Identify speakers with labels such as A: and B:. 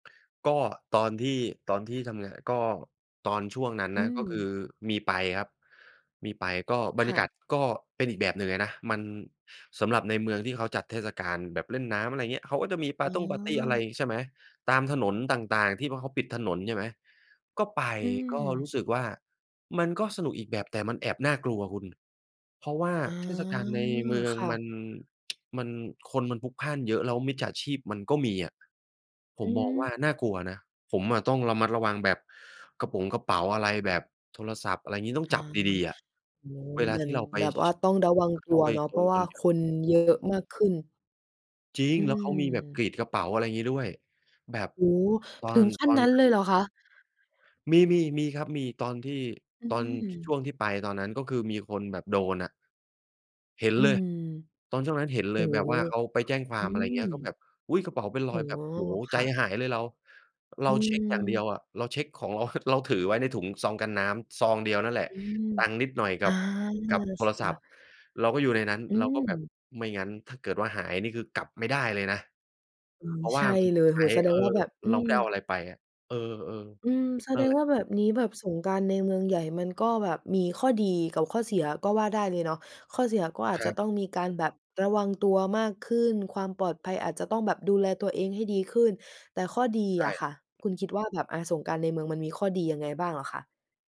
A: ก็ตอนที่ ตอนที่ทำงาน ก็ตอนช่วงนั้น
B: อื
A: นะ ก็คือ
B: ม
A: มีไปครับ มีไป ก็บ
B: ค
A: รรย
B: ่
A: ากาศ
B: ะ
A: ก็เป็นอีกแบบหนึ่งเลยนะ มัน สำหรับในเมืองที่เขาจัดเทศกาลแบบเล่นน้ำ อะไรเงี้ย เขาก็จะมีป
B: อ๋
A: าร์ตงปาร์ตี อะไร
B: อ
A: ใช่ไหม ตามถนนต่าง ๆ ที่พอเขาปิดถนน ใช่ไหม ก็ไป
B: อื
A: ก็รู้
B: ม
A: สึกว่า มันก็สนุกอีกแบบ แต่มันแอบน่ากลัวคุณ เพราะว่า
B: อ๋อ
A: เทศกาลในเมือง
B: ค่
A: มั
B: ะ
A: น มันคนมันพลุกพล่านเยอะ แล้วมิจฉาชีพมันก็มีอะ ผ
B: อื
A: มมองว่า
B: ม
A: น่ากลัวนะ ผมอะต้องระมัดระวังแบบ กระป๋งกระเป๋าอะไร แบบโทรศัพท์ อะไรงี้ ต้อง
B: อ๋อ
A: จับดี ๆ อะ
B: โอ้โฮ
A: เวล
B: เ
A: า
B: หมือ
A: ที
B: น
A: ่เราไป
B: แบบว่า
A: ช
B: ต้องระวังต
A: เข
B: ั
A: ้า
B: ว
A: ไป
B: เนาะ
A: ช
B: เพรา
A: น
B: ะว
A: ค
B: ่า
A: น
B: คนเยอะมากขึ้น
A: จริง
B: อื
A: แล้วเขามีแบบกรี
B: ม
A: ดกระเป๋า อะไรงี้ด้วย แบบ
B: โอ้โฮ!
A: ตอ
B: ถึ
A: น
B: งขั
A: ต
B: ้น
A: อน
B: นั้น
A: นั
B: เ
A: ้
B: ล
A: น
B: ยเหรอคะ?
A: มี ๆ มีครับมี ตอนที่
B: อื
A: ตอน ช ช
B: ม
A: ่วงที่ไปตอนนั้น ก็คือมีคนแบบโดนอะ เห็น
B: อื
A: เลย
B: ม
A: ตอนช่วงนั้นเห็นเ
B: โ
A: ล
B: อ้
A: ยแบบ
B: โฮ!
A: ว่าเขาไปแจ้งคว
B: อ
A: า
B: ื
A: ม อะไรเงี้ย ก็แ
B: ม
A: บบ อุ๊ย! กระเป๋าเป็นร
B: อ
A: อ
B: ๋
A: ย
B: อ
A: แบบ โอ้โฮ!
B: ค
A: ใจ
B: ่ะ
A: หายเลยเรา เ
B: อ
A: ราเช็กอย่างเดีย
B: ืม
A: วอะ เราเช็กของเรา เราถือไว้ในถุงซองกันน้ำซองเดียวนั่นแหละ
B: อืม
A: ตังค์นิดหน่อย
B: อ
A: กั
B: า
A: บ
B: มีโท
A: กับ
B: ร
A: โท
B: ศั
A: รศัพ
B: พ
A: ท
B: ท์
A: ์เราก็อยู่ในนั้น
B: อื
A: เราก็แบบ
B: ม
A: ไม่งั้นถ้าเกิดว่าหายนี่คือกลับไม่ได้เลยนะ
B: อือ
A: เพราะว
B: ใช
A: ่า
B: ่
A: มัน
B: เ
A: ต
B: ล
A: ้อง
B: ย โ
A: ใ
B: อ
A: ช
B: ้โฮ!
A: ้
B: แสด
A: เออ
B: งว่าแบบ อื
A: เราไ
B: ม
A: ม่ได้เอาอะไรไปอะ เออ
B: อืม แส
A: ๆ นั
B: ด
A: ่นแ
B: ง
A: หล
B: ว่
A: ะ
B: า แบบนี้ แบบสงกรานต์ในเมืองใหญ่มันก็แบบมีข้อดีกับข้อเสียก็ว่าได้เลยเนาะ ข้อเสียก็อาจ
A: คร
B: จะ
A: ับ
B: ต้องมีการแบบระวังตัวมากขึ้น ความปลอดภัยอาจจะต้องแบบดูแลตัวเองให้ดีขึ้น แต่ข้อดี
A: ใช่
B: อะค่ะ คุณคิดว่าแบบ อะ สงกรานต์ในเมืองมันมีข้อดียังไงบ้างเหรอคะ?